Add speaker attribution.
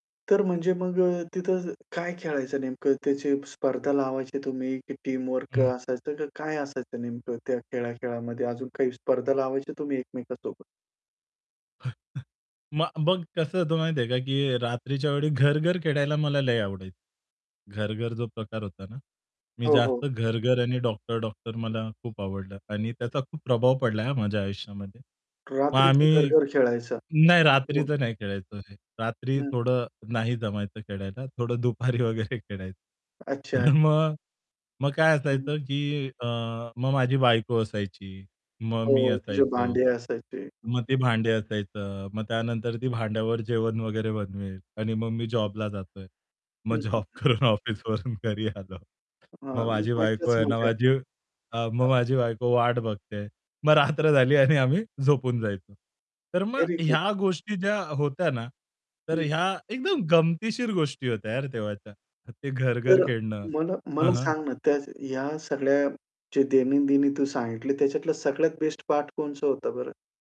Speaker 1: तर म्हणजे मग अ, तिथं काय खेळायचं नेमकं? त्याची स्पर्धा लावायचे तुम्ही? की टीमवर्क
Speaker 2: हं.
Speaker 1: असायचं, की काय असायचं नेमकं त्या खेळा-खेळामध्ये? अजून काही स्पर्धा लावायची तुम्ही एकमेकांसोबत?
Speaker 2: मग बघ कसं होतं माहिती आहे का, की रात्रीच्या वेळी घर-घर खेळायला मला लय आवडायचं. घर-घर जो प्रकार होता ना? मी
Speaker 1: हो, हो.
Speaker 2: जास्त घर-घर आणि डॉक्टर-डॉक्टर मला खूप आवडलं आणि त्याचा खूप प्रभाव पडलाय हा माझ्या आयुष्यामध्ये. मग
Speaker 1: रात्रीचं
Speaker 2: आम्ही
Speaker 1: घर-घर खेळायचा?
Speaker 2: नाही
Speaker 1: [unintelligible]
Speaker 2: रात्रीचं नाही खेळायचो हे. रात्री
Speaker 1: हं.
Speaker 2: थोडं नाही जमायचं खेळायला थोडं दुपारी वगैरे खेळाय
Speaker 1: अच्छा,
Speaker 2: तर
Speaker 1: अच्छा.
Speaker 2: मग मग काय
Speaker 1: हं.
Speaker 2: असायचं, की अ, मग माझी बायको असायची, मग मी
Speaker 1: हो. ती जे
Speaker 2: असायचो.
Speaker 1: भांडी असायची.
Speaker 2: मग ते भांडे असायचं. मग त्यानंतर ती भांड्यावर जेवण वगैरे बनवेल आणि मग मी जॉबला जातोय. मग
Speaker 1: हं, हं,
Speaker 2: जॉब
Speaker 1: हं.
Speaker 2: करून ऑफिसवरून घरी आलो.
Speaker 1: हां.
Speaker 2: मग माझी बायको
Speaker 1: मजाच
Speaker 2: आहे ना,
Speaker 1: मजा.
Speaker 2: माझी अ, मग
Speaker 1: हां.
Speaker 2: माझी बायको वाट बघते आहे. मग रात्र झाली आणि आम्ही झोपून जायचो. तर मग
Speaker 1: व्हेरी गुड.
Speaker 2: ह्या गोष्टी ज्या होत्या ना तर
Speaker 1: हं.
Speaker 2: ह्या एकदम गमतीशीर गोष्टी होत्या यार तेव्हाच्या. ते घर-घर
Speaker 1: तर अ,
Speaker 2: खेळणं.
Speaker 1: मला
Speaker 2: हं,
Speaker 1: मला
Speaker 2: हं.
Speaker 1: सांग ना, त्या ह्या सगळ्या जे दैनंदिनी तू सांगितले त्याच्यातला सगळ्यात बेस्ट पार्ट कोणचा होता बरं?